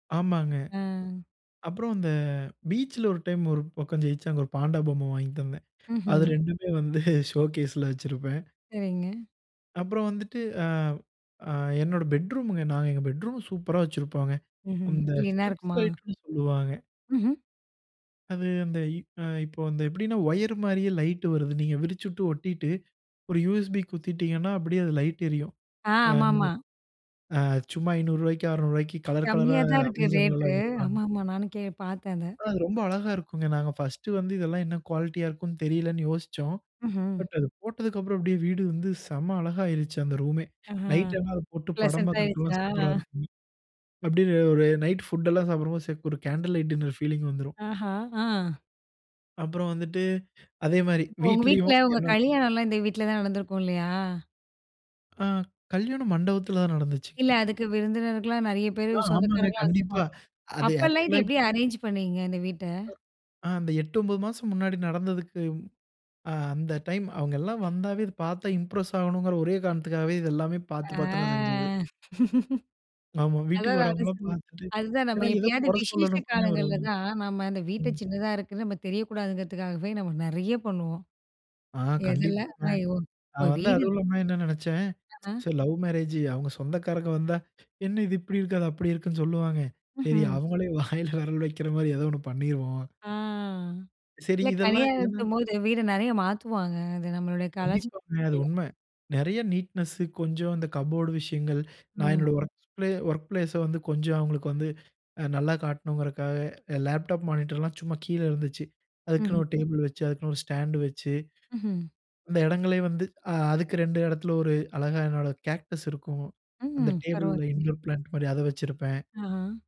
ஆமாங்க. ஆ, அப்புறம் அந்த பீச்சுல ஒரு டைம், ஒரு பக்கம் ஜெயிச்சு அங்கு ஒரு பாண்டா பொம்மை வாங்கி தந்தேன். அது ம்ஹ்ம். 2மே வந்து ஷோகேஸ்ல வெச்சிருப்பேன். சரிங்க. அப்புறம் வந்துட்டு, ஆ அ, என்னோட பெட்ரூமுங்க. நாங்க எங்க பெட்ரூம் சூப்பரா வச்சுருப்போங்க ம்ஹ்ம். அந்த க்ளீனா ஸ்ட்ரிப்ஸ் இருக்குமா? லைட்னு சொல்லுவாங்க ம்ஹ்ம். அது அந்த இ அ இப்போ வந்து எப்படின்னா? ஒயரு மாரியே லைட்டு வருது. நீங்க விரிச்சுட்டு ஒட்டிட்டு, ஒரு USB குத்தீட்டீங்கன்னா, அப்படியே அது லைட் எரியும். ஆ, ஆ, ஆமாமா. அ சும்மா ரூ. 500க்கு ரூ. 600க்கு கலர் கலரா கம்மியா தான் இருக்கு ரேட்டு. Amazonலலாம் விப்பாங்க. ஆமாமா நானும் கே பாத்தேன் அத. ஆனா, அது ரொம்ப அழகா இருக்கும்ங்க. நாங்க பர்ஸ்ட்டு வந்து இதெல்லாம் என்னா குவாலிட்டியா இருக்கும்னு? தெரியலன்னு யோசிச்சோம். ம்ஹ்ம்! பட் அது போட்டதுக்கப்புறம் அப்படியே வீடு வந்து செம்ம அழகாயிருச்சு அந்த ரூமே. ஆஹ, நைட் எல்லாம் அத போட்டு படம் ப்ளசன்ட் பாக்குறதுக்கெல்லாம் ஆயிருச்சா? சூப்பரா இருக்கும். அப்டியே ஒரு நைட் ஃபுட் எல்லாம் சாப்பிடும்போது ச ஒரு கேண்டில் லைட் டின்னர் பீலிங் வந்துரும். ஆஹ, ஆ, அப்புறம் வந்துட்டு அதே மாரி இப்போ உங்க வீட்டுல, வீட்டுலயும், உங்க என்னா [unintelligible] கலியாணம்லாம் இந்த வீட்டுல தான் நடந்திருக்கும் இல்லையா? ஆ, கல்யாணம் மண்டபத்துல தான் நடந்துச்சு. இல்ல. அதுக்கு விருந்தினர்கள்லாம் நெறையா பேரு ஆ, ஆமாங்க சொந்தக்காரங்கலாம் கண்டிப்பா. வந்துருப்பாங்க. அது அப்போலாம் இது ஆக்சுவலா எப்படி இப்ப அரேஞ் பண்ணீங்க இந்த வீட்ட? ஆ அந்த 8, 9 மாசம் முன்னாடி நடந்ததுக்கு அ, அந்த டைம் அவுங்க எல்லாம் வந்தாவே இத பாத்தா இம்ப்ரஸ் ஆகணும்ங்கிற ஒரே காரணத்துக்காகவே, இது எல்லாமே ஆ, பாத்து பாத்து நான் செஞ்சது. ஆமா. வீட்டுக்கு அதான் நானும் வரவங்கலாம் சொன்னேன். பாத்துட்டு அதுதான் நம்ம ஏன்னா, ஏதோ எப்பயாவது, கொற விசேஷ சொல்லணும்னே காலங்கள்ல வருவாங்க. தான் நாம, அந்த வீட்ட ம். சின்னதா இருக்குன்னு, நம்ம தெரியக்கூடாதுங்கிறதுக்காகவே, நம்ம நெறையா பண்ணுவோம். ஆ எதுல? கண்டிப்பாங்க. ஐயோ! இப்போ நான் வந்து வீடு இரு அதுவும் இல்லாம என்னா நெனைச்சேன்! ஆ. "சரி லவ் மேரேஜூ, அவங்க சொந்தக்காரங்க வந்தா, "என்னா இது இப்படி இருக்கு?" அது அப்படி இருக்குன்னு? சொல்லுவாங்க. சரி! ம்ஹ்ம். அவங்களே வாயில வெரல் வெக்குற மாரி ஏதோ ஒண்ணு பண்ணிருவோம்." ஆ, சரி இல்ல இதெல்லாம் ஏன்னா? கலியாணத்தின்போது வீட நிறையா மாத்துவாங்க. அது நம்மளுடைய கலாச்சா கண்டிப்பாங்க அது உண்ம. நெறையா நீட்னெஸு, கொஞ்சம் அந்த கபோர்டு விஷயங்கள். நான் ம். என்னோட வொர்க் ப்ளே வொர்க் பிளேஸ வந்து கொஞ்சம் அவுங்களுக்கு வந்து அ நல்லா காட்டணும்ங்குறதுக்காக, எ லேப்டாப் மானிட்டர்லாம் சும்மா கீழ இருந்துச்சு. அதுக்குன்னு ம்ஹ்ம். ஒரு டேபிள் வெச்சு, அதுக்குன்னு ஒரு ஸ்டாண்டு வெச்சு, ம்ஹ்ம், அந்த எடங்களே வந்து ஆ, அதுக்கு 2 எடத்துல ஒரு அழகா என்னோட கேக்டஸ் இருக்கும். அந்த ம்! டேபிள்ல, பரவால்லயே. இன்டோர் பிளான்ட் மாரி அதை வச்சிருப்பேன். ஆஹ.